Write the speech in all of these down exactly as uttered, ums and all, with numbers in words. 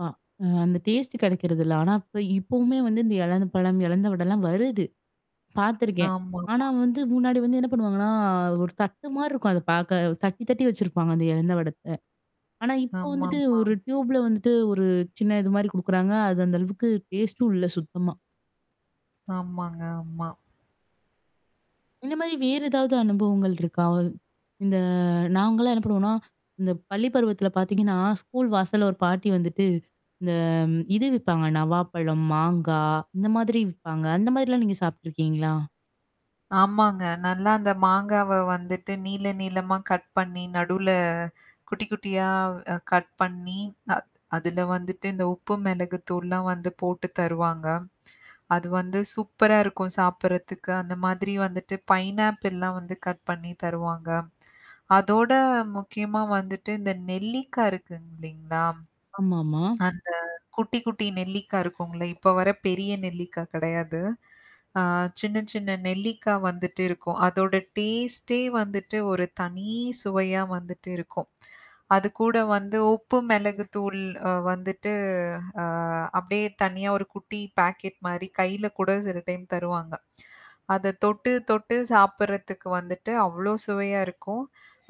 அ அ அந்த டேஸ்ட்டு கெடைக்கிறது இல்ல. ஆனா இப்ப இப்பவுமே வந்து இந்த இலந்தப்பழம் இலந்த வடல்லாம் வருது. பாத்துருக்கேன் ஆமா ஆனா ஆமா. வந்து முன்னாடி வந்து என்னா பண்ணுவாங்கன்னா? ஒரு தட்டு மாரி இருக்கும், அத பாக்க. தட்டி தட்டி வச்சுருப்பாங்க அந்த இலந்த வடத்த. ஆனா இப்போ ஆமா வந்துட்டு, ஆமா. ஒரு டியூபுல வந்துட்டு ஒரு சின்ன இது மாரி குடுக்குறாங்க அது அந்த அளவுக்கு டேஸ்ட்டும் இல்ல சுத்தமா. ஆமாங்க ஆமா. இந்த மாரி வேற ஏதாவது அனுபவங்கள் இருக்கா? இந்த நாங்கலாம் என்னா பண்ணுவோம்னா? இந்த பள்ளி பருவத்துல பாத்திங்கன்னா, ஸ்கூல் வாசல்ல ஒரு பாட்டி வந்துட்டு இந்த இது விப்பாங்க நவாப்பழம், மாங்காய். இந்த மாதிரி விப்பாங்க அந்த மாதிரிலாம் நீங்க சாப்ட்டுருக்கீங்களா? ஆமாங்க நல்லா அந்த மாங்காவ வந்துட்டு நீள நீளமா கட் பண்ணீ நடுவுல குட்டி குட்டியா அ கட் பண்ணீ அ அதுல வந்துட்டு, இந்த உப்பு மிளகு தூள்லாம் வந்து போட்டு தருவாங்க. அது வந்து சூப்பரா இருக்கும் சாப்பிடறதுக்கு. அந்த மாதிரி வந்துட்டு பைனாப்பிள்லாம் வந்து கட் பண்ணீ தருவாங்க. அதோட முக்கியமா வந்துட்டு இந்த நெல்லிக்கா இருககு இல்லைங்களா! ஆமா ஆமா. அந்த குட்டி குட்டி நெல்லிக்கா இருக்கும்ல! இப்ப வர பெரிய நெல்லிக்கா கெடையாது. அ சின்ன சின்ன நெல்லிக்கா வந்துட்டு இருக்கும். அதோட டேஸ்ட்டே வந்துட்டு, ஒரு தனி சுவையா வந்துட்டு இருக்கும். அதுக்கூட வந்து உப்பு, மிளகு தூள் அ வந்துட்டு, அ அப்படியே தனியா ஒரு குட்டி பாக்கெட் மாரி கையில கூட சில டைம் தருவாங்க அத தொட்டு தொட்டு சாப்பிடறதுக்கு வந்துட்டு, அவ்வளோ சுவையா இருக்கும்.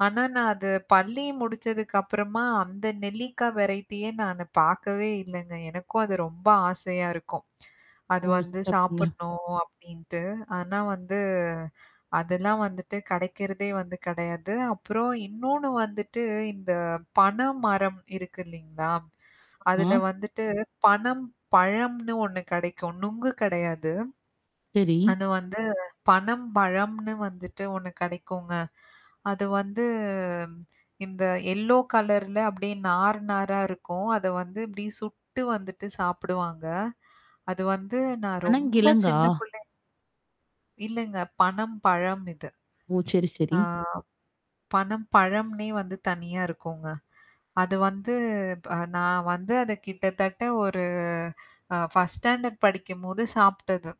ஆனா, நான் அது பள்ளி முடித்ததுக்கு அப்புறமா, அந்த நெல்லிக்கா வெரைட்டியே நானு பாக்கவே இல்லங்க. எனக்கும் அது ரொம்ப ஆசையா இருக்கும். அதுல ஓ வந்து சிறப்புங்க. சாப்பிடணும் அப்படின்ட்டு. ஆனா வந்து அதெல்லாம் வந்துட்டு கிடைக்கிறதே வந்து கிடையாது. அப்புறம் இன்னொன்னு வந்துட்டு, இந்த பன மரம் இருக்கு இல்லிங்களா? ஆமா, அதுல வந்துட்டு பனம் பழம்னு ஒண்ணு கிடைக்கும். நுங்கு கெடையாது. சரி. அது வந்து பனம் பழம்னு வந்துட்டு ஒண்ணு கெடைக்குங்க. அது வந்து இந்த எல்லோ கலர்ல அப்படியே நார் நாரா இருக்கும். அத வந்து அப்படியே, சுட்டு வந்துட்டு சாப்புடுவாங்க. அது வந்து நான் ரொம்ப அனங்கிழங்கா? சின்ன புள்ளை இல்லங்க. பனம் பழம் இது. ஓ சரி அ சரி. பனம் பழம்னே வந்து தனியா இருக்கும்ங்க. அது வந்து ப்ப நான் வந்து அதை கிட்டத்தட்ட ஒரு அ ஃபர்ஸ்ட் ஸ்டாண்டர்ட் படிக்கும்போது சாப்பிட்டது.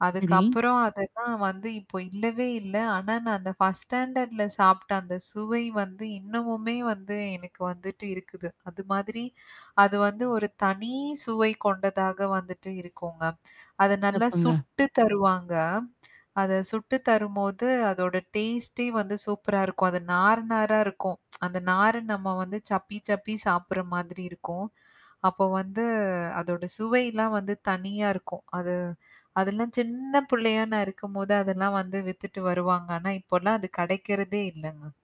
சரி. அதுக்கப்புறம் அதெல்லாம் வந்து இப்போ இல்லவே இல்ல. ஆனா நான் அந்த ஃபர்ஸ்ட் ஸ்டாண்டர்ட்ல சாப்பிட்ட அந்த சுவை வந்து, இன்னமுமே வந்து எனக்கு வந்துட்டு இருக்குது. அது மாதிரி, அது வந்து ஒரு தனி சுவை கொண்டதாக வந்துட்டு இருக்குங்க. அத நல்லா சிறப்புங்க. சுட்டு தருவாங்க. அத சுட்டு தரும்போது, அதோட டேஸ்ட்டே வந்து சூப்பரா இருக்கும். அது நார் நாராக இருக்கும். அந்த நாரு நம்ம வந்து, சப்பி சப்பி சாப்பிடுற மாதிரி இருக்கும். அப்ப வந்து அதோட சுவைலாம் வந்து தனியா இருக்கும். அது அதெல்லாம் சின்ன பிள்ளையா நான் இருக்கும்போது அதெல்லாம் வந்து வித்துட்டு வருவாங்க. ஆனா இப்போலாம் அது கிடைக்கிறதே இல்லங்க.